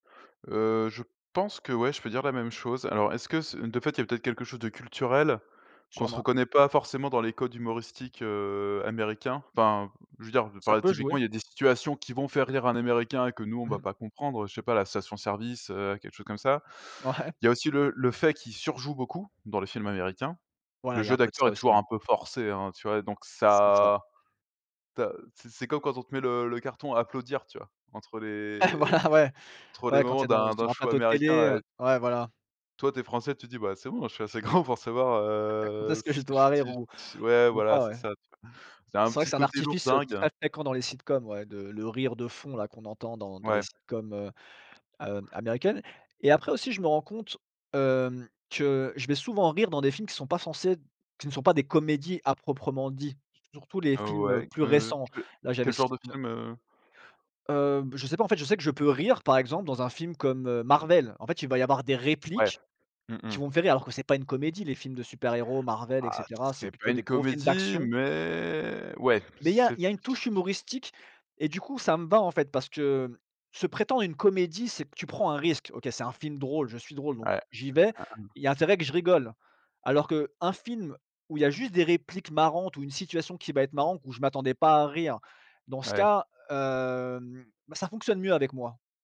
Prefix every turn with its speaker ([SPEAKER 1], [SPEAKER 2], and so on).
[SPEAKER 1] Heu, je pense qu'ouais, je peux dire la même chose. Alors est-ce que ce de fait, il y a peut-être quelque chose de culturel qu'on se
[SPEAKER 2] Sûrement.
[SPEAKER 1] reconnaît pas forcément dans les codes humoristiques, heu, américains. Enfin, je veux dire
[SPEAKER 2] Ça
[SPEAKER 1] par
[SPEAKER 2] peut jouer.
[SPEAKER 1] typiquement, il y a des situations qui vont faire rire un américain que nous on ne
[SPEAKER 2] Mmh
[SPEAKER 1] va
[SPEAKER 2] mh.
[SPEAKER 1] pas comprendre, je ne sais pas la station service, heu, quelque chose comme ça.
[SPEAKER 2] Ouais.
[SPEAKER 1] Il y a aussi le le fait qu'il surjoue beaucoup dans les films américains. Le
[SPEAKER 2] Voilà, il y a
[SPEAKER 1] jeu
[SPEAKER 2] un peu de
[SPEAKER 1] d'acteur
[SPEAKER 2] ça
[SPEAKER 1] est
[SPEAKER 2] aussi,
[SPEAKER 1] toujours
[SPEAKER 2] hein.
[SPEAKER 1] un peu forcé, hein, tu vois? Donc
[SPEAKER 2] C'est ça.
[SPEAKER 1] ça, tu as c'est c'est comme quand on te met le le carton applaudir, tu vois? Entre
[SPEAKER 2] Ouais,
[SPEAKER 1] les
[SPEAKER 2] voilà, ouais.
[SPEAKER 1] entre les
[SPEAKER 2] Ouais, quand tu
[SPEAKER 1] moments
[SPEAKER 2] es dans
[SPEAKER 1] d'un d'un
[SPEAKER 2] sur un
[SPEAKER 1] show
[SPEAKER 2] plateau de
[SPEAKER 1] américain
[SPEAKER 2] télé,
[SPEAKER 1] a
[SPEAKER 2] heu,
[SPEAKER 1] é
[SPEAKER 2] ouais, voilà.
[SPEAKER 1] toi, tu es français, tu dis: «Bah, c'est bon, je suis assez grand pour savoir,
[SPEAKER 2] [unintelligible] de
[SPEAKER 1] heu,
[SPEAKER 2] ce que
[SPEAKER 1] si
[SPEAKER 2] je
[SPEAKER 1] ce
[SPEAKER 2] dois
[SPEAKER 1] que si
[SPEAKER 2] rire ou
[SPEAKER 1] ch» ouais,
[SPEAKER 2] ou
[SPEAKER 1] voilà,
[SPEAKER 2] pas,
[SPEAKER 1] c'est
[SPEAKER 2] ouais.
[SPEAKER 1] ça, tu vois? C'est un
[SPEAKER 2] C'est vrai que
[SPEAKER 1] petit
[SPEAKER 2] c'est un
[SPEAKER 1] côté
[SPEAKER 2] artifice, heu,
[SPEAKER 1] lourdingue.
[SPEAKER 2] très fréquent dans les sitcoms ouais, de le rire de fond là, qu'on entend dans dans les
[SPEAKER 1] Ouais.
[SPEAKER 2] sitcoms heu, hem, américaines et après, aussi, je me rends compte, hem, que je vais souvent rire dans des films qui sont pas censés qui ne sont pas des comédies à proprement dit, surtout les
[SPEAKER 1] Heu,
[SPEAKER 2] films, heu,
[SPEAKER 1] ouais,
[SPEAKER 2] plus
[SPEAKER 1] heu,
[SPEAKER 2] récents
[SPEAKER 1] que
[SPEAKER 2] là, j'avais
[SPEAKER 1] quel
[SPEAKER 2] c
[SPEAKER 1] genre de
[SPEAKER 2] no
[SPEAKER 1] film, heu?
[SPEAKER 2] Heu, beh, je sais pas, en fait, je sais que je peux rire, par exemple, dans un film comme, heu, Marvel, en fait, il va y avoir des
[SPEAKER 1] Ouais.
[SPEAKER 2] répliques
[SPEAKER 1] Mmh
[SPEAKER 2] qui
[SPEAKER 1] mh.
[SPEAKER 2] vont me faire rire alors que c'est pas une comédie, les films de super héros Marvel et
[SPEAKER 1] Ah
[SPEAKER 2] cetera, c'est
[SPEAKER 1] c'est pas
[SPEAKER 2] plutôt
[SPEAKER 1] une
[SPEAKER 2] des gros films
[SPEAKER 1] comédie
[SPEAKER 2] d'action
[SPEAKER 1] mais ouais,
[SPEAKER 2] mais il y a il
[SPEAKER 1] c'est
[SPEAKER 2] y a une touche
[SPEAKER 1] [unintelligible]
[SPEAKER 2] humoristique et du coup, ça me va, en fait, parce que se prétendre une comédie, c'est que tu prends un risque, OK, c'est un film drôle, je suis drôle, donc
[SPEAKER 1] Ouais.
[SPEAKER 2] j'y vais,
[SPEAKER 1] [unintelligible]
[SPEAKER 2] il y a intérêt que je rigole alors qu'un film où il y a juste des répliques marrantes ou une situation qui va être marrante où je m'attendais pas à rire dans ce
[SPEAKER 1] Ouais.
[SPEAKER 2] cas, hem, bah, ça fonctionne mieux avec moi.